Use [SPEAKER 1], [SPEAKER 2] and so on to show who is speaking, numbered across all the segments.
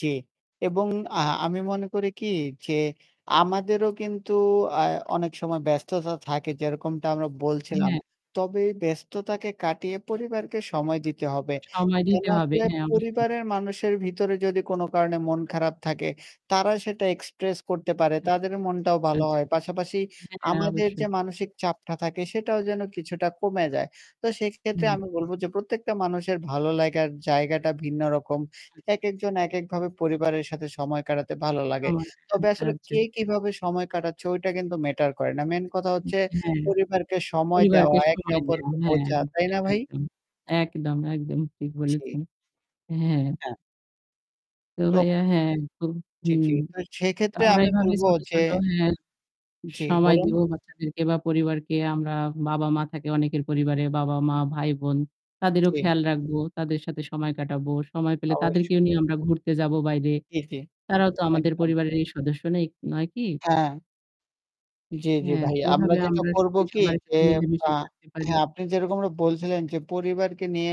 [SPEAKER 1] জি এবং আ আমি মনে করি কি যে আমাদেরও কিন্তু আ অনেক সময় ব্যস্ততা থাকে যেরকমটা আমরা বলছিলাম।
[SPEAKER 2] হ্যাঁ।
[SPEAKER 1] তবে ব্যস্ততাকে কাটিয়ে পরিবারকে সময় দিতে হবে,
[SPEAKER 2] সময়
[SPEAKER 1] যেন
[SPEAKER 2] দিতে হবে।
[SPEAKER 1] আসলে
[SPEAKER 2] হ্যাঁ অবশ্যই।
[SPEAKER 1] পরিবারের মানুষের ভিতরে যদি কোনো কারণে মন খারাপ থাকে, তারা সেটা এক্সপ্রেস করতে পারে, তাদের মনটাও ভালো
[SPEAKER 2] আচ্ছা।
[SPEAKER 1] হয়। পাশাপাশি
[SPEAKER 2] হ্যাঁ, হ্যাঁ
[SPEAKER 1] আমাদের
[SPEAKER 2] অবশ্যই।
[SPEAKER 1] যে মানসিক চাপটা থাকে সেটাও যেন কিছুটা কমে যায়। তো সেক্ষেত্রে
[SPEAKER 2] হুম।
[SPEAKER 1] আমি বলব যে প্রত্যেকটা মানুষের ভালো লাগার জায়গাটা ভিন্ন রকম।
[SPEAKER 2] আচ্ছা।
[SPEAKER 1] একেকজন একেকভাবে পরিবারের সাথে সময় কাটাতে ভালো লাগে।
[SPEAKER 2] [unintelligible] আচ্ছা,
[SPEAKER 1] তবে আসলে
[SPEAKER 2] আচ্ছা।
[SPEAKER 1] কে কিভাবে সময় কাটাচ্ছে ওইটা কিন্তু ম্যাটার করে না। মেইন কথা হচ্ছে
[SPEAKER 2] হ্যাঁ।
[SPEAKER 1] পরিবারকে সময়
[SPEAKER 2] পরিবারকে
[SPEAKER 1] দেওয়া, একে
[SPEAKER 2] সময় দেওয়া
[SPEAKER 1] অপরকে
[SPEAKER 2] হ্যাঁ,
[SPEAKER 1] বোঝা।
[SPEAKER 2] [unintelligible]
[SPEAKER 1] তাই না ভাই?
[SPEAKER 2] একদম। একদম, একদম ঠিক
[SPEAKER 1] জি।
[SPEAKER 2] বলেছেন। হ্যাঁ।
[SPEAKER 1] হ্যাঁ।
[SPEAKER 2] তো
[SPEAKER 1] তো
[SPEAKER 2] ভাইয়া হ্যাঁ একদম।
[SPEAKER 1] চি
[SPEAKER 2] হুম।
[SPEAKER 1] চিন্তা
[SPEAKER 2] তো
[SPEAKER 1] সেক্ষেত্রে
[SPEAKER 2] আমরা
[SPEAKER 1] আমি
[SPEAKER 2] এভাবে
[SPEAKER 1] বলব
[SPEAKER 2] ছোট,
[SPEAKER 1] যে
[SPEAKER 2] ছোট হ্যাঁ
[SPEAKER 1] জি
[SPEAKER 2] সময়
[SPEAKER 1] বলুন?
[SPEAKER 2] দিব বাচ্চাদেরকে বা পরিবারকে আমরা বাবা-মা থাকে অনেকের পরিবারে। বাবা-মা, ভাই-বোন। তাদেরও
[SPEAKER 1] কি?
[SPEAKER 2] খেয়াল রাখবো। তাদের সাথে সময় কাটাবো। সময় পেলে তাদেরকেও
[SPEAKER 1] অবশ্যই।
[SPEAKER 2] নিয়েও আমরা ঘুরতে যাবো বাইরে।
[SPEAKER 1] ইতি
[SPEAKER 2] তারাও তো আমাদের
[SPEAKER 1] একদম।
[SPEAKER 2] পরিবারেরই সদস্য নাই নয় কি?
[SPEAKER 1] হ্যাঁ। জি, জি
[SPEAKER 2] হ্যাঁ,
[SPEAKER 1] ভাই।
[SPEAKER 2] তো
[SPEAKER 1] আমরা
[SPEAKER 2] এভাবে
[SPEAKER 1] যেটা
[SPEAKER 2] আমরা
[SPEAKER 1] করব
[SPEAKER 2] সবাই
[SPEAKER 1] কি
[SPEAKER 2] সবার
[SPEAKER 1] যে
[SPEAKER 2] সাথে মিলেমিশে
[SPEAKER 1] অ্যা
[SPEAKER 2] থাকতে পারি।
[SPEAKER 1] হ্যাঁ, আপনি যেরকমটা বলছিলেন যে পরিবারকে নিয়ে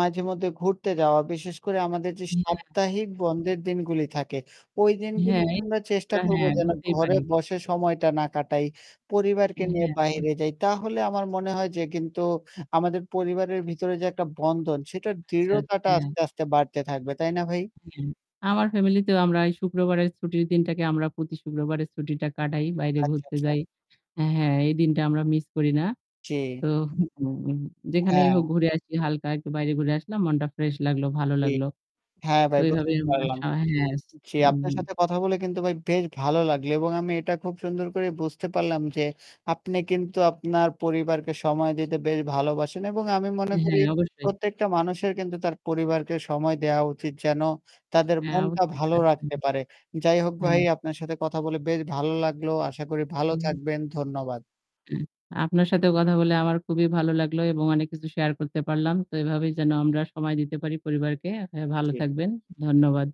[SPEAKER 1] মাঝে মধ্যে ঘুরতে যাওয়া বিশেষ করে আমাদের যে
[SPEAKER 2] হ্যাঁ।
[SPEAKER 1] সাপ্তাহিক বন্ধের দিনগুলি থাকে ওই দিনগুলিতে
[SPEAKER 2] হ্যাঁ,
[SPEAKER 1] আমরা চেষ্টা
[SPEAKER 2] [unintelligible]
[SPEAKER 1] করব
[SPEAKER 2] হ্যাঁ
[SPEAKER 1] যেন
[SPEAKER 2] বুঝতেই
[SPEAKER 1] ঘরে
[SPEAKER 2] পারি।
[SPEAKER 1] বসে সময়টা না কাটাই। পরিবারকে
[SPEAKER 2] হ্যাঁ,
[SPEAKER 1] নিয়ে
[SPEAKER 2] হ্যাঁ অবশ্যই।
[SPEAKER 1] বাহিরে যাই তাহলে আমার মনে হয় যে কিন্তু আমাদের পরিবারের ভিতরে যে একটা বন্ধন সেটার
[SPEAKER 2] আচ্ছা,
[SPEAKER 1] দৃঢ়তাটা
[SPEAKER 2] হ্যাঁ।
[SPEAKER 1] আস্তে, আস্তে বাড়তে থাকবে। তাই না ভাই?
[SPEAKER 2] হ্যাঁ, আমার ফ্যামিলিতেও আমরা এই শুক্রবারের ছুটির দিনটাকে আমরা প্রতি শুক্রবারের ছুটিটা কাটাই। বাইরে
[SPEAKER 1] আচ্ছা,
[SPEAKER 2] ঘুরতে
[SPEAKER 1] আচ্ছা।
[SPEAKER 2] যাই। হ্যাঁ এই দিনটা আমরা মিস করি না।
[SPEAKER 1] জি।
[SPEAKER 2] তো হুম যেখানেই
[SPEAKER 1] হ্যাঁ।
[SPEAKER 2] হোক ঘুরে আসি হালকা একটু বাইরে ঘুরে আসলাম, মনটা ফ্রেশ লাগলো, ভালো
[SPEAKER 1] ঠিক।
[SPEAKER 2] লাগলো।
[SPEAKER 1] হ্যাঁ
[SPEAKER 2] তো
[SPEAKER 1] ভাই
[SPEAKER 2] ওইভাবে
[SPEAKER 1] বুঝতে
[SPEAKER 2] আমরা
[SPEAKER 1] পারলাম।
[SPEAKER 2] স হ্যাঁ,
[SPEAKER 1] জি,
[SPEAKER 2] হুম,
[SPEAKER 1] আপনার
[SPEAKER 2] হুম।
[SPEAKER 1] সাথে কথা বলে কিন্তু ভাই বেশ ভালো লাগলো এবং আমি এটা খুব সুন্দর করে বুঝতে পারলাম যে আপনি কিন্তু আপনার পরিবারকে সময় দিতে বেশ ভালোবাসেন এবং আমি মনে করি
[SPEAKER 2] হ্যাঁ অবশ্যই।
[SPEAKER 1] প্রত্যেকটা মানুষের কিন্তু তার পরিবারকে সময় দেওয়া উচিত যেন তাদের
[SPEAKER 2] হ্যাঁ
[SPEAKER 1] মনটা
[SPEAKER 2] অবশ্যই।
[SPEAKER 1] ভালো রাখতে
[SPEAKER 2] [unintelligible]
[SPEAKER 1] পারে। যাই হোক ভাই
[SPEAKER 2] হ্যাঁ।
[SPEAKER 1] আপনার সাথে কথা বলে বেশ ভালো লাগলো। আশা করি ভালো
[SPEAKER 2] হু।
[SPEAKER 1] থাকবেন। ধন্যবাদ।
[SPEAKER 2] আপনার সাথেও কথা বলে আমার খুবই ভালো লাগলো এবং অনেক কিছু শেয়ার করতে পারলাম। তো এভাবেই যেন আমরা সময় দিতে পারি পরিবারকে। আপনি ভালো
[SPEAKER 1] জি।
[SPEAKER 2] থাকবেন। ধন্যবাদ।